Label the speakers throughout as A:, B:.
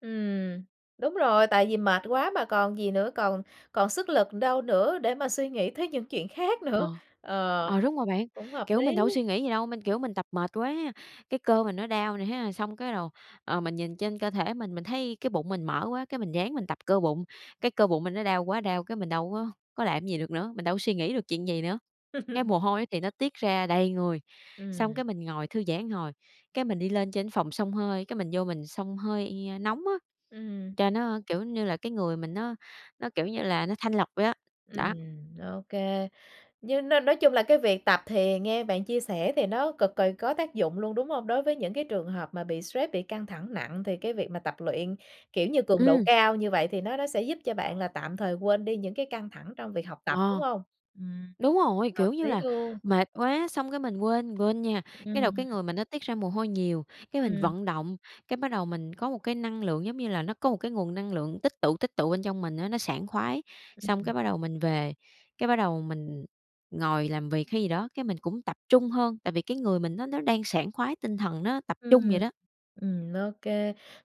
A: Ừm, đúng rồi, tại vì mệt quá mà còn gì nữa, còn còn sức lực đâu nữa để mà suy nghĩ tới những chuyện khác
B: Ờ,
A: nữa. Ờ,
B: ờ, đúng rồi bạn,
A: cũng hợp lý.
B: kiểu, mình đâu có suy nghĩ gì đâu, mình, kiểu, mình tập mệt quá, cái cơ mình nó đau nè ha, xong cái rồi, ờ, mình nhìn trên cơ thể mình, mình thấy cái bụng mình mỡ quá, cái mình ráng mình tập cơ bụng, cái cơ bụng mình nó đau quá đau, cái mình đâu có có làm cái gì được nữa, mình đâu có suy nghĩ được chuyện gì nữa. Cái mồ hôi ấy thì nó tiết ra đầy người, xong
A: Ừm.
B: cái mình ngồi thư giãn một hồi, cái mình đi lên trên cái phòng xông hơi, cái mình vô mình xông hơi nóng á,
A: Ừm.
B: cho nó, kiểu như là, cái người mình nó nó, kiểu như là, nó thanh lọc vậy á, đó.
A: Ừm, OK. Nhưng nói nói chung là cái việc tập thì nghe bạn chia sẻ thì nó cực kì có tác dụng luôn, đúng hông? Đối với những cái trường hợp mà bị stress, bị căng thẳng nặng thì cái việc mà tập luyện, kiểu như, cường độ
B: Ừm.
A: cao như vậy thì nó nó sẽ giúp cho bạn là tạm thời quên đi những cái căng thẳng trong việc học tập, đúng
B: Ờ,
A: hông? Ừm,
B: đúng rồi,
A: hợp
B: kiểu như
A: lý
B: là,
A: luôn.
B: mệt quá, xong cái mình quên, mình quên nha. Cái
A: Ừm.
B: rồi cái người mình nó tiết ra mồ hôi nhiều, cái mình
A: Ừm.
B: vận động, cái bắt đầu mình có một cái năng lượng, giống như là, nó có một cái nguồn năng lượng tích tụ, tích tụ bên trong mình á nó sảng khoái. Xong cái bắt đầu mình về, cái bắt đầu mình ngồi làm việc hay gì đó, cái mình cũng tập trung hơn, tại vì cái người mình nó nó đang sảng khoái tinh thần, nó tập trung vậy
A: Ừm.
B: đó.
A: Ừm, OK.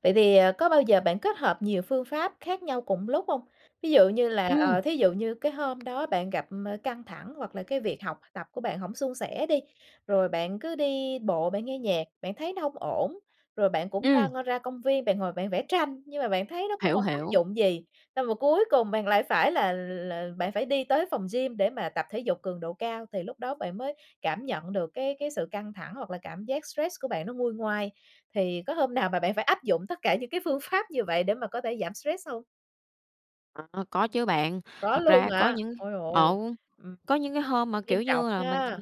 A: Vậy thì, ờ, có bao giờ bạn kết hợp nhiều phương pháp khác nhau cùng lúc hông? Ví dụ như là,
B: Ừm.
A: ờ, thí dụ như cái hôm đó bạn gặp, ờ, căng thẳng hoặc là cái việc học tập của bạn hổng suôn sẻ đi, rồi bạn cứ đi bộ bạn nghe nhạc, bạn thấy nó hông ổn, rồi bạn cũng
B: Ừm.
A: ra ra công viên, bạn ngồi bạn vẽ tranh nhưng mà bạn thấy nó cũng
B: Hiểu,
A: hổng tác
B: hiểu.
A: dụng gì, xong rồi cuối cùng bạn lại phải là là bạn phải đi tới phòng gym để mà tập thể dục cường độ cao, thì lúc đó bạn mới cảm nhận được cái cái sự căng thẳng hoặc là cảm giác stress của bạn nó nguôi ngoai. Thì có hôm nào mà bạn phải áp dụng tất cả những cái phương pháp như vậy để mà có thể giảm stress hông?
B: Ờ, ơ, có chứ bạn.
A: Có
B: Thật
A: luôn
B: ra có
A: hả?
B: những
A: Ôi dồi
B: ờ,
A: ôi, ừm,
B: có những cái hôm mà,
A: nghiêm
B: kiểu
A: trọng
B: như là, mình
A: ha,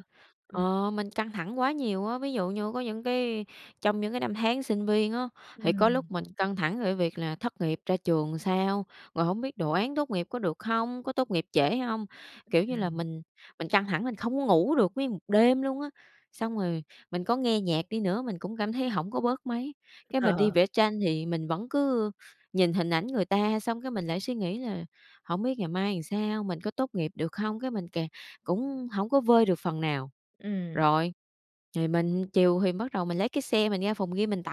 A: ừm.
B: ờ, mình căng thẳng quá nhiều á, ví dụ như có những cái trong những cái năm tháng sinh viên á, thì có lúc
A: Ừm.
B: mình căng thẳng về cái việc là thất nghiệp ra trường làm sao, rồi hổng biết đồ án tốt nghiệp có được hông? Có tốt nghiệp trễ hông? Kiểu như là,
A: Ừm.
B: mình mình căng thẳng mình không có ngủ được nguyên một đêm luôn á, xong rồi mình có nghe nhạc đi nữa mình cũng cảm thấy hổng có bớt mấy, cái mình đi vẽ tranh thì mình vẫn cứ nhìn hình ảnh người ta xong cái mình lại suy nghĩ là hổng biết ngày mai làm sao, mình có tốt nghiệp được hông? Cái mình càng cũng hổng có vơi được phần nào,
A: Ừm.
B: rồi, thì mình chiều thì bắt đầu mình lấy cái xe mình ra phòng gym mình tập.